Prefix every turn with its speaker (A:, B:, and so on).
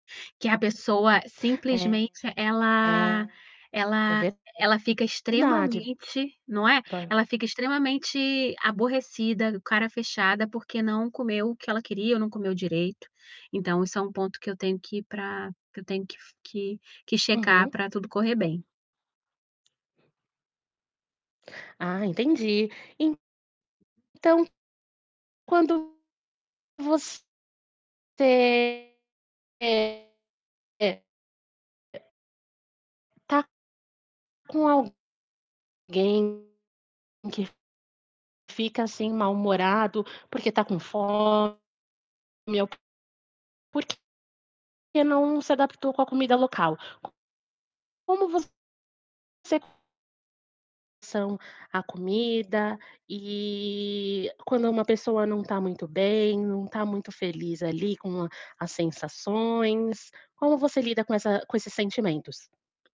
A: Que a pessoa
B: É.
A: simplesmente, ela
B: É, é
A: ela ela fica
B: verdade
A: extremamente não é,
B: para o
A: ela fica extremamente aborrecida, cara fechada, porque não comeu o que ela queria ou não comeu direito. Então, isso é um ponto que eu tenho que pra que eu tenho que f que que checar
B: Uhum.
A: pra tudo correr bem.
B: Ah, entendi, então, quando você está com alguém que fica assim mal-humorado porque tá com fome ou porque não se adaptou com a comida local. Como você são a comida, e quando uma pessoa não tá muito bem, não tá muito feliz ali, com a as sensações, como você lida com essa com esses sentimentos?